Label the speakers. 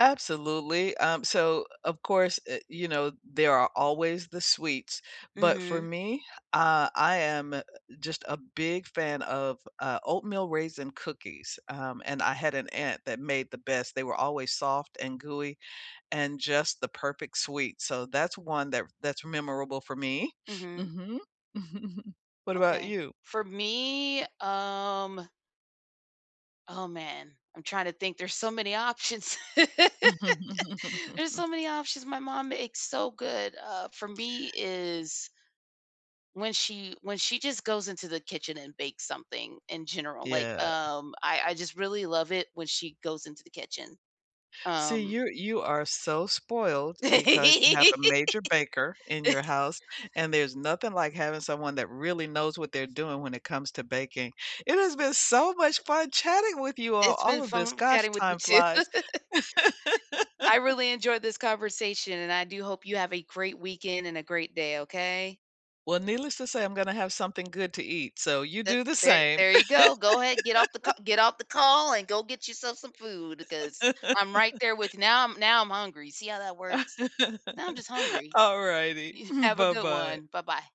Speaker 1: Absolutely, um, so, of course, eh, you know, there are always the sweets, but for
Speaker 2: Mhm.
Speaker 1: me, uh, I am, uh, just a big fan of, uh, oatmeal raisin cookies, um, and I had an aunt that made the best, they were always soft and gooey, and just the perfect sweet, so that's one that f that's memorable for me.
Speaker 2: Mhm.
Speaker 1: Mhm. What about
Speaker 2: Okay,
Speaker 1: you?
Speaker 2: for me, um oh man, I'm trying to think, there's so many options. There's so many options my mom makes so good, uh, for me is when she when she just goes into the kitchen and bakes something, in general, like,
Speaker 1: Yeah.
Speaker 2: um, I I just really love it when she goes into the kitchen.
Speaker 1: See,
Speaker 2: Um
Speaker 1: you're you are so spoiled because you have a major baker in your house, and there's nothing like having someone that really knows what they're doing when it comes to baking, it has been so much fun chatting with you on
Speaker 2: It's
Speaker 1: all
Speaker 2: been
Speaker 1: of this,
Speaker 2: fun
Speaker 1: gosh,
Speaker 2: chatting with you
Speaker 1: time
Speaker 2: too.
Speaker 1: flies.
Speaker 2: I really enjoyed this conversation, and I do hope you have a great weekend and a great day, okay?
Speaker 1: Well, needless to say, I'm gonna have something good to eat, so you
Speaker 2: The
Speaker 1: do the
Speaker 2: there
Speaker 1: same.
Speaker 2: there you go, go ahead, get off the ca get off the call and go get yourself some food, 'cause I'm right there with you now I'm now I'm hungry, see how that works? Now I'm just hungry.
Speaker 1: Alrighty,
Speaker 2: Y
Speaker 1: mm,
Speaker 2: have a good
Speaker 1: buh-bye.
Speaker 2: one, buh-bye.